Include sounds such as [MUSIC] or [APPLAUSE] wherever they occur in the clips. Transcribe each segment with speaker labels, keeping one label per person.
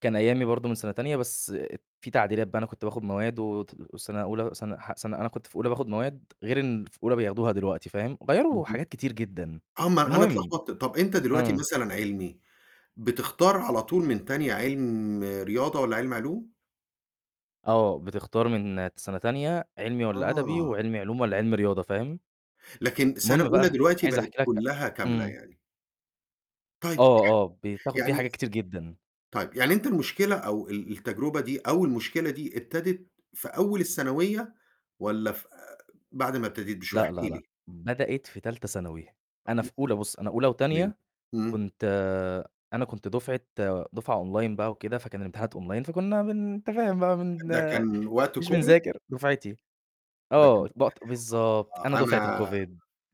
Speaker 1: كان أيّامي برضه من سَنة تانية بس في تعديلات بقى أنا كنت باخد مواد وت وسَنة أولى سَنة ح سَنة أنا كنت في أولى باخد مواد غير إن في أولى بياخدوها دلوقتي فاهم، وغيّروا
Speaker 2: اهم،
Speaker 1: حاجات كتير جدًا
Speaker 2: آه، ما أنا
Speaker 1: المهم
Speaker 2: اتلخبطت، طب أنت دلوقتي
Speaker 1: إمم.
Speaker 2: مثلًا علمي، بتختار على طول من تانية علم رياضة والّا علم معلوم؟
Speaker 1: آه، بتختار من سَنة تانية، علمي والّا أدبي،
Speaker 2: آه.
Speaker 1: وعلمي علوم والّا علمي رياضة فاهم؟
Speaker 2: لكن سَنة
Speaker 1: المهم
Speaker 2: أولى
Speaker 1: بقى
Speaker 2: دلوقتي
Speaker 1: عايز
Speaker 2: بقِت
Speaker 1: أحكي لك ع
Speaker 2: كلّها كاملة
Speaker 1: إمم.
Speaker 2: يعني. طيب، ماشي،
Speaker 1: آه، آه، بتاخد فيه
Speaker 2: يعني
Speaker 1: حاجات كتير جدًا.
Speaker 2: طيب، يعني أنت المشكلة أو ال التجربة دي أو المشكلة دي ابتدِت في أول الثانوية والّا ف بعد ما ابتدت بشوية؟
Speaker 1: لأ،
Speaker 2: احكِ
Speaker 1: لأ، لأ،
Speaker 2: لي.
Speaker 1: بدأت في تالتة ثانوي، أنا في أولى بُصّ، أنا أولى
Speaker 2: تمام،
Speaker 1: وتانية
Speaker 2: إمم.
Speaker 1: كنت آآ أنا كنت دفعة دفعة Online بقى وكده فكان الامتحانات Online فكنّا بن أنت تفاهم بقى بن
Speaker 2: ده كان وقت
Speaker 1: مش
Speaker 2: Covid؟
Speaker 1: بنذاكر دُفعتي،
Speaker 2: ده كان
Speaker 1: آه، بقط بالضبط، أنا
Speaker 2: آه،
Speaker 1: دفعة
Speaker 2: أنا
Speaker 1: الCovid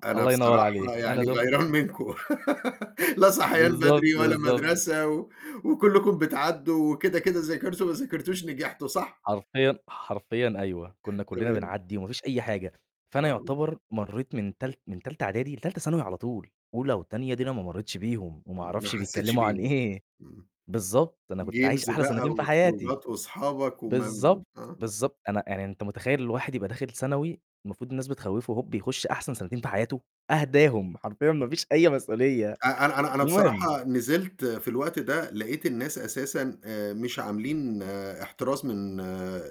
Speaker 2: أنا
Speaker 1: الله ينوّر
Speaker 2: بصراحة
Speaker 1: عليك، أنا
Speaker 2: يعني
Speaker 1: دُفع
Speaker 2: غيران منكم [LAUGHS] لا صحيان
Speaker 1: بالضبط،
Speaker 2: بدري ولا
Speaker 1: بالضبط.
Speaker 2: مَدرسة و وكلّكم بتعدّوا وكده، كده ذاكرتوا ما ذاكرتوش نجحتوا صح؟
Speaker 1: حرفيًا حرفيًا أيوه، كنّا كلّنا
Speaker 2: تمام.
Speaker 1: بنعدّي وما فيش أي حاجة، فأنا
Speaker 2: آه.
Speaker 1: يعتبر مرّيت من تال من تالتة إعدادي لتالتة ثانوي على طول، أولى وتانية دي أنا ما مرّيتش بيهم وما
Speaker 2: ما
Speaker 1: أعرفش
Speaker 2: حسّيتش
Speaker 1: بيتكلّموا عن
Speaker 2: بيهم،
Speaker 1: إيه،
Speaker 2: إمم.
Speaker 1: بالضبط، أنا كنت عايش
Speaker 2: Games
Speaker 1: أحلى
Speaker 2: بقى
Speaker 1: سنتين في حياتي.
Speaker 2: وخروجات وأصحابك وم
Speaker 1: بالضبط،
Speaker 2: آه.
Speaker 1: بالضبط، أنا يعني أنت متخيّل الواحد يبقى داخل ثانوي المفروض الناس بتخوّفه، هوب يخُش أحسن سنتين في حياته، أهداهم حرفيًا ما فيش أي مسؤولية،
Speaker 2: أ أنا أنا أنا
Speaker 1: المهم
Speaker 2: بصراحة نزلت في الوقت ده لقيت الناس أساسًا آآ، مش عاملين احتراس من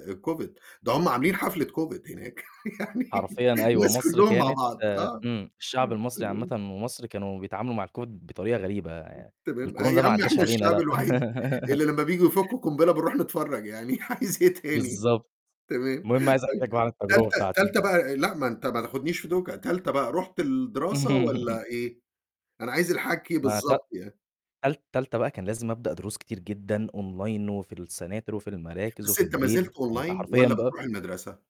Speaker 2: الCovid، ده هُم عاملين حفلة Covid هناك [LAUGHS] يعني
Speaker 1: حرفيًا أيوه،
Speaker 2: الناس
Speaker 1: مصر
Speaker 2: كلّهم مع
Speaker 1: كانت
Speaker 2: بعض،
Speaker 1: آآ
Speaker 2: آه.
Speaker 1: إمم، الشعب المصري عامةً ومصر كانوا بيتعاملوا مع الCovid بطريقة غريبة يع
Speaker 2: تمام أ
Speaker 1: الكورونا
Speaker 2: يا
Speaker 1: ده ما
Speaker 2: عم
Speaker 1: عدّاش
Speaker 2: إحنا
Speaker 1: علينا
Speaker 2: الشعب
Speaker 1: لأ.
Speaker 2: الوحيد
Speaker 1: [LAUGHS]
Speaker 2: اللي لمّا بييجوا يفكّوا قنبلة بنروح نتفرّج يعني عايز إيه تاني
Speaker 1: بالضبط،
Speaker 2: تمام،
Speaker 1: المهم عايز أحكي
Speaker 2: طيب،
Speaker 1: بقى عن
Speaker 2: تالتة
Speaker 1: التجربة بتاعتي.
Speaker 2: تالتة بقى آآ، لأ ما أنت ما تاخدنيش في دوكة، تالتة بقى رُحت الدراسة
Speaker 1: [LAUGHS]
Speaker 2: والّا إيه؟ أنا عايز الحكي
Speaker 1: ما ت
Speaker 2: بالضبط يعني.
Speaker 1: تال تالتة بقى كان لازم أبدأ دروس كتير جدًا Online وفي السناتر وفي المراكز
Speaker 2: بس
Speaker 1: وفي
Speaker 2: أنت ما
Speaker 1: البيت،
Speaker 2: زلت
Speaker 1: فأنت
Speaker 2: Online
Speaker 1: حرفيًا
Speaker 2: والّا
Speaker 1: بقى
Speaker 2: بتروح المَدرسة؟